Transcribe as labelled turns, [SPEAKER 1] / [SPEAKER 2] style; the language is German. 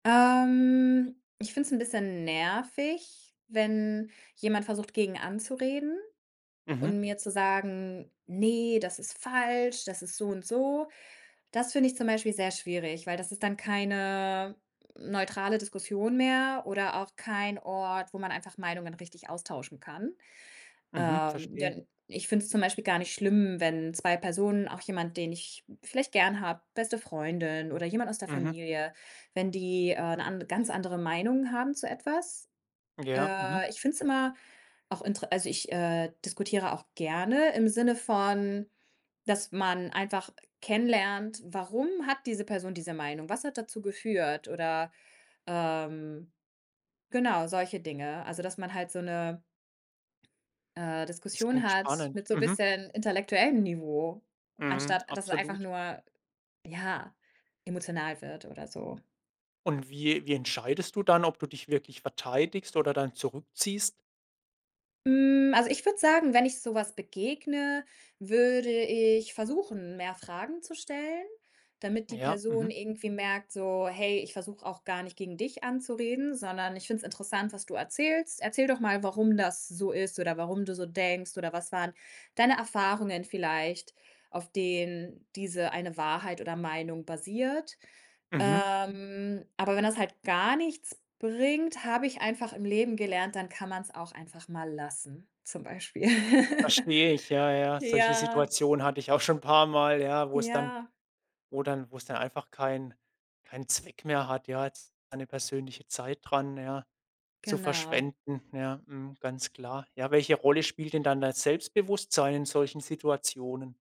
[SPEAKER 1] Ähm, ich finde es 'n bisschen nervig, wenn jemand versucht, gegen anzureden
[SPEAKER 2] Mhm.
[SPEAKER 1] und mir zu sagen: „Ne, das ist falsch, das ist so und so.“ Das finde ich zum Beispiel sehr schwierig, weil das ist dann keine neutrale Diskussion mehr oder auch kein Ort, wo man einfach Meinungen richtig austauschen kann.
[SPEAKER 2] Mhm,
[SPEAKER 1] Ähm,
[SPEAKER 2] verstehe.
[SPEAKER 1] denn ich finde es zum Beispiel gar nicht schlimm, wenn 2 Personen, auch jemand, den ich vielleicht gerne habe, beste Freundin oder jemand aus der
[SPEAKER 2] Mhm.
[SPEAKER 1] Familie, wenn die, äh, 'ne an ganz andere Meinung haben zu etwas.
[SPEAKER 2] Ja, mhm.
[SPEAKER 1] Äh, ich finde es immer auch int also ich, äh, diskutiere auch gerne im Sinne von, dass man einfach kennenlernt, warum hat diese Person diese Meinung? Was hat dazu geführt? Oder, ähm, genau, solche Dinge, also dass man halt so 'ne, äh,
[SPEAKER 2] Das
[SPEAKER 1] Diskussion
[SPEAKER 2] klingt
[SPEAKER 1] hat
[SPEAKER 2] spannend.
[SPEAKER 1] mit so
[SPEAKER 2] Mhm.
[SPEAKER 1] bisschen intellektuellem Niveau,
[SPEAKER 2] Mhm,
[SPEAKER 1] anstatt dass es einfach
[SPEAKER 2] absolut.
[SPEAKER 1] nur, ja, emotional wird oder so.
[SPEAKER 2] Und wie wie entscheidest du dann, ob du dich wirklich verteidigst oder dann zurückziehst?
[SPEAKER 1] Hm, also ich würde sagen, wenn ich so was begegne, würde ich versuchen, mehr Fragen zu stellen, damit die
[SPEAKER 2] Ja,
[SPEAKER 1] Person
[SPEAKER 2] mhm.
[SPEAKER 1] irgendwie merkt so: „Hey, ich versuche auch gar nicht gegen dich anzureden, sondern ich finde es interessant, was du erzählst. Erzähl doch mal, warum das so ist oder warum du so denkst oder was waren deine Erfahrungen vielleicht, auf denen diese eine Wahrheit oder Meinung basiert.“
[SPEAKER 2] Mhm.
[SPEAKER 1] Ähm, aber wenn das halt gar nichts bringt, habe ich einfach im Leben gelernt, dann kann man's auch einfach mal lassen zum Beispiel.
[SPEAKER 2] Verstehe ich, ja, ja. Solche
[SPEAKER 1] Ja.
[SPEAKER 2] Situationen hatte ich auch schon 'n paar Mal, ja, wo es dann
[SPEAKER 1] Ja.
[SPEAKER 2] wo dann wo es dann einfach kein keinen Zweck mehr hat, ja, jetzt eine persönliche Zeit dran, ja, zu
[SPEAKER 1] Genau.
[SPEAKER 2] verschwenden, ja, mhm, ganz klar. Ja, welche Rolle spielt denn dann das Selbstbewusstsein in solchen Situationen?